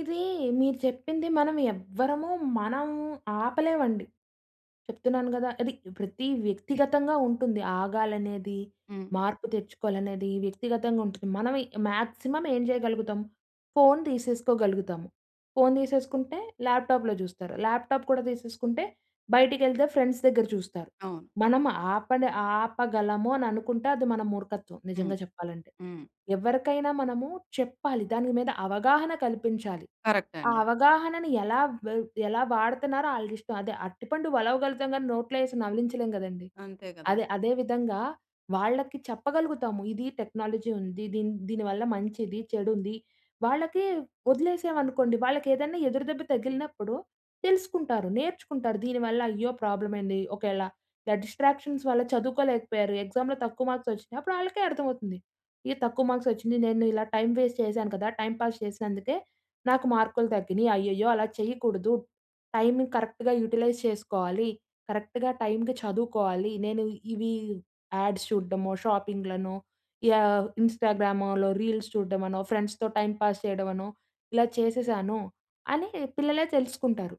ఇది మీరు చెప్పింది మనం ఎవ్వరము మనం ఆపలేమండి. చెప్తున్నాను గదా. అది ప్రతి వ్యక్తిగతంగా ఉంటుంది ఆగాలనేది, హ్మ్. మార్పు తెచ్చుకోవాలనేది వ్యక్తిగతంగా ఉంటుంది. మనం మాక్సిమం ఏం చేయగలుగుతాం ఫోన్ తీసేసుకోగలుగుతాము. ఫోన్ తీసేసుకుంటే, ల్యాప్‌టాప్‌లో చూస్తారు. ల్యాప్‌టాప్‌ కూడా తీసేసుకుంటే, బయటికేళ్తే ఫ్రెండ్స్ దగ్గర చూస్తారు. అవును. మనం ఆప‌నే ఆపగలము అని అనుకుంటే అది మన మూర్ఖత్వం హ్మ్. నిజంగా చెప్పాలంటే. హ్మ్. ఎవరికైనా మనము చెప్పాలి. దాని మీద అవగాహన కల్పించాలి. ఆ కరెక్టండీ. అవగాహనని ఎలా వ ఎలా వాడతున్నారో ఆళిష్టం. అదే అరటిపండు వలవగలుగుతాం కానీ, నోట్లో ఏసి నవిలించలేం గదండీ! అంతే గదా! అదే, అదే విధంగా వాళ్ళకి చెప్పగలుగుతాము ఇది టెక్నాలజీ ఉంది. దీని, దీని వల్ల మంచిది చెడుంది. వాళ్ళకి వదిలేసాం అనుకోండి వాళ్ళకేదైనా ఎదురుదెబ్బ తగిలినప్పుడు తెలుసుకుంటారు. నేర్చుకుంటారు దీనివల్ల అయ్యో! ప్రాబ్లమ్ ఏండి ఒకేళ ఇల డిస్ట్రాక్షన్స్ వల్ల చదువుకోలేకపోయారు, ఎక్సామ్‌లో తక్కువ మార్క్స్ వచ్చినాయి అప్పుడళ్ళకే అర్థమవుతుంది. ఈ తక్కువ మార్క్స్ వచ్చింది, నేను ఇలా టైం వేస్ట్ చేశాను కదా, టైం పాస్ చేసినందుకే నాకు మార్కులు తగ్గినియి. అయ్యయ్యో! అలా చేయకూడదు టైమ్‌ కరెక్ట్‌గా యుటిలైజ్ చేసుకోవాలి. కరెక్ట్‌గా టైమ్‌కి చదువుకోవాలి. నేను ఇవి యాడ్స్ చూడమో ,షాపింగ్‌లనో యాహ్, ఇంస్టాగ్రామలో రీల్స్ చూడడమనో ఫ్రెండ్స్‌తో టైం పాస్ చేయడమనో ఇలా చేసేసాను, అని పిల్లలే తెలుసుకుంటారు.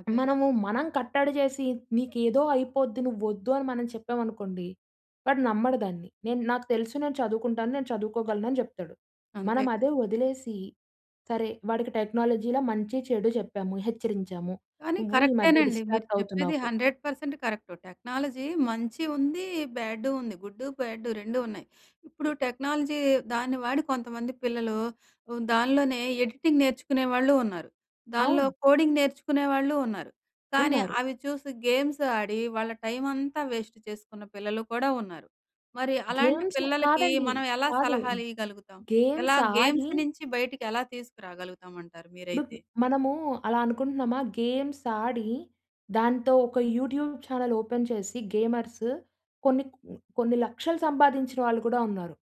అదేలే. మనము మనం కట్టడి చేసి, నీకేదో అయిపోద్ది నువోద్దు అని మనం చెప్పామనుకోండి. వాడు నమ్మడు దాన్ని. నేను నాకు తెలుసు నేను చదువుకుంటాను. నేను చదువుకోగలను. అని జెప్తాడు. మనం అంతే‌గా? అదే వదిలేసి సరే, వాడికి టెక్నాలజీలో మంచి చెడు చెప్పాము హెచ్చరించాము, కానీ నువ్వు ఈ మధ్య కరెక్టేనండి. మీరు డిస్ట్రాక్ట్ చెప్పేది అవుతున్నావు 100% కరెక్టు. టెక్నాలజీ మంచి ఉంది. బ్యాడు ఉంది. గుడ్డు బ్యాడు 2 ఉన్నాయి. ఇప్పుడు టెక్నాలజీ దాన్ని వాడి కొంతమంది పిల్లలు హ్మ్, దానిలోనే ఎడిటింగ్ నేర్చుకునే వాళ్ళు ఉన్నారు. దానిలో అవును. కోడింగ్ నేర్చుకునే వాళ్ళు ఉన్నారు. కానీ, ఉన్నారు. అవి చూసి గేమ్స్ ఆడి, వాళ్ళ టైమ్ అంతా వేస్ట్ చేసుకున్న పిల్లలు కూడా ఉన్నారు. మరి అలాంటి గేమ్స్ పిల్లలకి కాదండి. మనం ఎలా కాదు. సలహాలు ఇయ్యగలుగుతాం? గేమ్స్ ఎలా ఆడి గేమ్స్ నుంచి బయటికి ఎలా తీసుకురాగలుగుతాం అంటారు ఇప్పుడు మీరైతే? మనము అలా అనుకుంటున్నామా గేమ్స్ ఆడి, దాంతో ఒక యూట్యూబ్ ఛానెల్ ఓపెన్ చేసి, గేమర్స్ కొన్ని కొ కొన్ని లక్షలు సంపాదించిన వాళ్ళు కూడా ఉన్నారు.